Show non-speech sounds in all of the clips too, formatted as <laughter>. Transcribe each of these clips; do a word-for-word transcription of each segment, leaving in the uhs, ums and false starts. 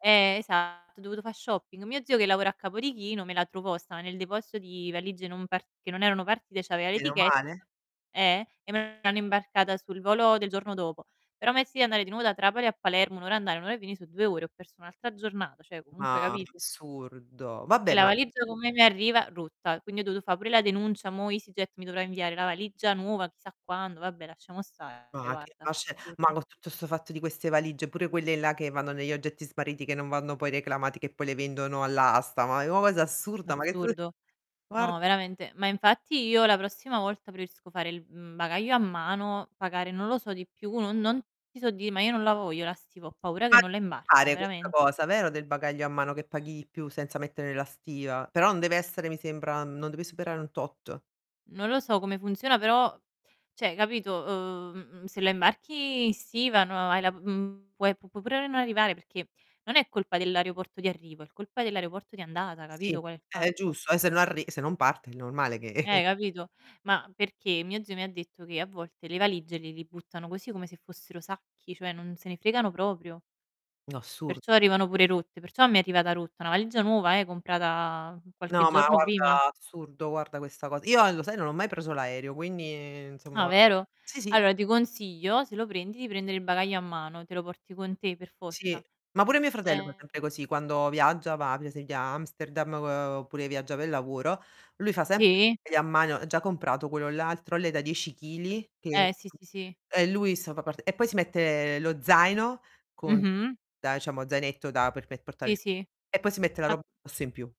Eh esatto, ho dovuto fa' shopping. Mio zio che lavora a Capodichino, me la trovò, stava nel deposito di valigie non part che non erano partite, c'aveva l'etiche <unintelligible> eh e me l'hanno imbarcata sul volo del giorno dopo. Però a me è sì, andare di nuovo da Trapani a Palermo, un ora a andare, un ora a venì, so' due ore, ho perso un'altra giornata, ceh comunque Ma capito? assurdo. E Vabbè la ma valigia come mi arriva? Rotta. Quindi ho dovuto fa' pure la denuncia, mò EasyJet mi dovrà inviare la valigia nuova, chissà quando, vabbè lasciamo stare, Ma che guarda, ma c'è ma assurdo. co' tutto 'sto fatto di queste valigie, pure quelle là che vanno negli oggetti smarriti che non vanno poi reclamati, che poi le vendono all'asta, ma è o cosa assurda, ma che f Assurdo. guar No, veramente, ma infatti io la prossima volta preferisco fare il, mhmm, bagaglio a mano, pagare, non lo so, di più non non ti so di' ma io non la voglio la stiva, ho paura che Ma <unintelligible> non la imbarcano, fare questa veramente. cosa, vero, del bagaglio a mano che paghi di più senza mettere la stiva, però non deve essere mi sembra non deve superare un tot. Non lo so come funziona, però ceh capito, uhm, mhmm, se la imbarchi in stiva no hai la mhmm, puoi, pu può pure non arrivare perché non è colpa dell'aeroporto di arrivo, è l colpa dell'aeroporto di andata, Sì, capito qual è il è fatto? giusto, e se non arri se non parte è normale che Eh, capito. Ma perché mio zio mi ha detto che a volte le valigie le li buttano così come se fossero sacchi, cioè non se ne fregano proprio No, assurdo. perciò arrivano pure rotte, perciò mi è arrivata rotta, una valigia nuova, eh, comprata qualche No, ma giorno prima. guarda, assurdo, guarda questa cos io a lo sai, non ho mai preso l'aereo, quindi Ah insomma vero? sì, sì. Allora ti consiglio se lo prendi, di prendere il bagaglio a mano, te lo porti con te per Sì, forza. ma pure mio fratello fa Ehm sempre così quando viaggia, va per esempio a Amsterdam o oppure viaggia pe' lavoro, lui fa sempre Sì. bagaglio a mano, ha già comprato quello là, il trolley da dieci chili che Eh, sì, sì, sì. e lui insomma part e poi si mette lo zaino con Mh-mh. <unintelligible> zainetto da per-per portare Sì, il sì. e poi si mette la Ma roba addosso in più.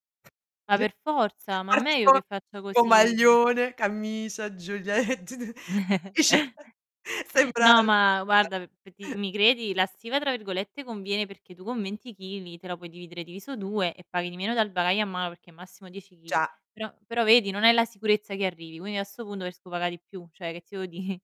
Ma <chuckles> per forza, ma è Parte meglio con che faccia con così. <unintelligible> maglione, camicia, giule t t <unintelligible> <chuckles> <chuckles> sembra No, ma <unintelligible> guarda, p pe' di mi credi? La "stiva" tra virgolette conviene perché tu con venti chili te la puoi dividere diviso due e paghi di meno dal bagaglio a mano, perché è massimo dieci chili. Già. Però però vedi, non hai la sicurezza che arrivi, quindi a 'sto pundo prerisco paga' di più, ceh che ti devo dì?